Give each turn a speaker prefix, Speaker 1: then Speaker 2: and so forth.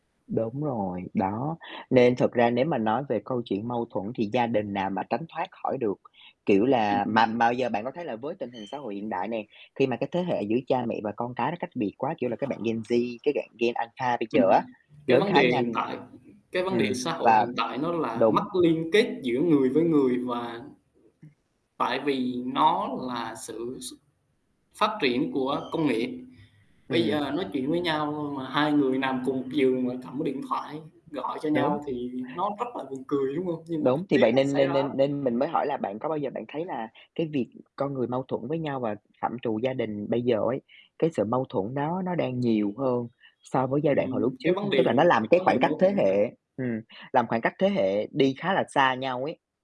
Speaker 1: Đúng rồi, đó, nên thực ra nếu mà nói về câu chuyện mâu thuẫn thì gia đình nào mà tránh thoát khỏi được. Kiểu là mà
Speaker 2: Ừm.
Speaker 1: mà giờ bạn có thấy là với tình hình xã hội hiện đại này, khi mà cái thế hệ giữa cha mẹ và con cái nó cách biệt quá, kiểu là các bạn Gen Z các bạn Gen Alpha bây giờ
Speaker 2: Ừm.
Speaker 1: á,
Speaker 2: Cái
Speaker 1: lớn
Speaker 2: vấn
Speaker 1: khá
Speaker 2: đề hiện
Speaker 1: nhanh.
Speaker 2: tại cái vấn đề
Speaker 1: Ừm,
Speaker 2: xã hội
Speaker 1: và
Speaker 2: hiện tại nó là mất
Speaker 1: đúng.
Speaker 2: liên kết giữa người với người và tại vì nó là sự s phát triển của công nghệ. Bây
Speaker 1: Ừm.
Speaker 2: giờ nói chuyện với nhau mà hai người nằm cùng một giường mà cầm cái điện thoại gọi cho
Speaker 1: Đúng.
Speaker 2: nhau thì nó rất là buồn cười, đúng hông? Nhưng mà
Speaker 1: Đúng,
Speaker 2: thực
Speaker 1: thì
Speaker 2: tế
Speaker 1: vậy
Speaker 2: nó
Speaker 1: nên
Speaker 2: xảy
Speaker 1: nên
Speaker 2: ra á.
Speaker 1: nên nên mình mới hỏi là bạn có bao giờ bạn thấy là cái việc con người mâu thuẫn với nhau và phạm trù gia đình bây giờ ấy, cái sự mâu thuẫn đó nó đang nhiều hơn so với giai đoạn hồi lúc
Speaker 2: Ừm,
Speaker 1: trước
Speaker 2: cái vấn
Speaker 1: không?
Speaker 2: đề
Speaker 1: Tức là nó làm
Speaker 2: cái
Speaker 1: cái
Speaker 2: vấn đề
Speaker 1: khoảng cách
Speaker 2: mâu
Speaker 1: thế
Speaker 2: thuẫn nà
Speaker 1: hệ ừm, làm khoảng cách thế hệ đi khá là xa nhau ấy.